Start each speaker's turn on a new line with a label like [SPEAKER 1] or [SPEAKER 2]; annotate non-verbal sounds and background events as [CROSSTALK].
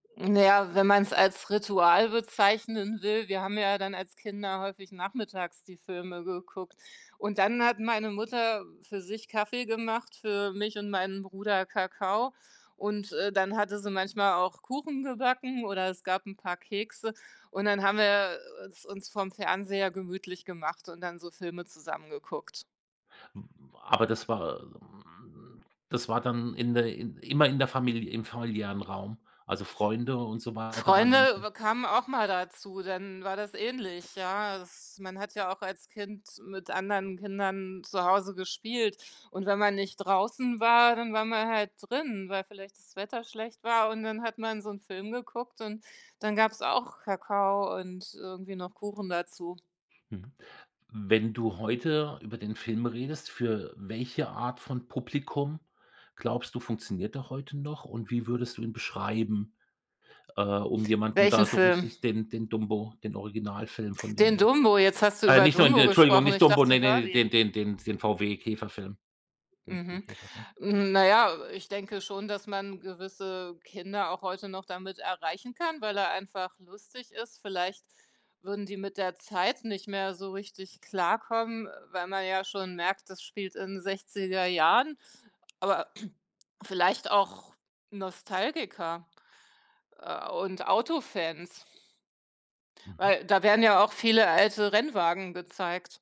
[SPEAKER 1] Na ja, wenn man's als Ritual bezeichnen will, wir haben ja dann als Kinder häufig nachmittags die Filme geguckt. Und dann hat meine Mutter für sich Kaffee gemacht, für mich und meinen Bruder Kakao und, äh, dann hatte sie manchmal auch Kuchen gebacken oder es gab 'n paar Kekse und dann haben wir, äh, es uns vorm Fernseher gemütlich gemacht und dann so Filme zusammen geguckt.
[SPEAKER 2] Hm, aber das war äh, hm, das war dann in der in immer in der Familie im familiären Raum. Also, Freunde und so weiter waren dann
[SPEAKER 1] Freunde,
[SPEAKER 2] [UNINTELLIGIBLE]
[SPEAKER 1] äh, kamen auch mal dazu, dann war das ähnlich, ja. Es man hat ja auch als Kind mit anderen Kindern zu Hause gespielt und wenn man nicht draußen war, dann war man halt drin, weil vielleicht das Wetter schlecht war und dann hat man so 'n Film geguckt und dann gab's auch Kakao und irgendwie noch Kuchen dazu.
[SPEAKER 2] Mhm, wenn du heute über den Film redest, für welche Art von Publikum glaubst du, funktioniert der heute noch? Und wie würdest du ihn beschreiben, äh, um jemanden
[SPEAKER 1] Welchen
[SPEAKER 2] da so
[SPEAKER 1] Film?
[SPEAKER 2] richtig den den „Dumbo“, den Originalfilm von dem
[SPEAKER 1] Den
[SPEAKER 2] her
[SPEAKER 1] „Dumbo“. Jetzt hast du
[SPEAKER 2] äh,
[SPEAKER 1] über
[SPEAKER 2] nicht nur in
[SPEAKER 1] “Dumbo“
[SPEAKER 2] Entschuldigung,
[SPEAKER 1] gesprochen.
[SPEAKER 2] nicht
[SPEAKER 1] Ich
[SPEAKER 2] „Dumbo“,
[SPEAKER 1] dachte,
[SPEAKER 2] ne, ne,
[SPEAKER 1] “Herbie“.
[SPEAKER 2] den den den den VW-Käferfilm, den den
[SPEAKER 1] Mhm,
[SPEAKER 2] Käferfilm.
[SPEAKER 1] naja, äh, ich denke schon, dass man gewisse Kinder auch heute noch damit erreichen kann, weil er einfach lustig ist. Vielleicht würden die mit der Zeit nicht mehr so richtig klarkommen, weil man ja schon merkt, das spielt in den 60er Jahren, aber [CLEARS THROAT] vielleicht auch Nostalgiker, äh, und Autofans
[SPEAKER 2] Mhm.
[SPEAKER 1] weil da werden ja auch viele alte Rennwagen gezeigt.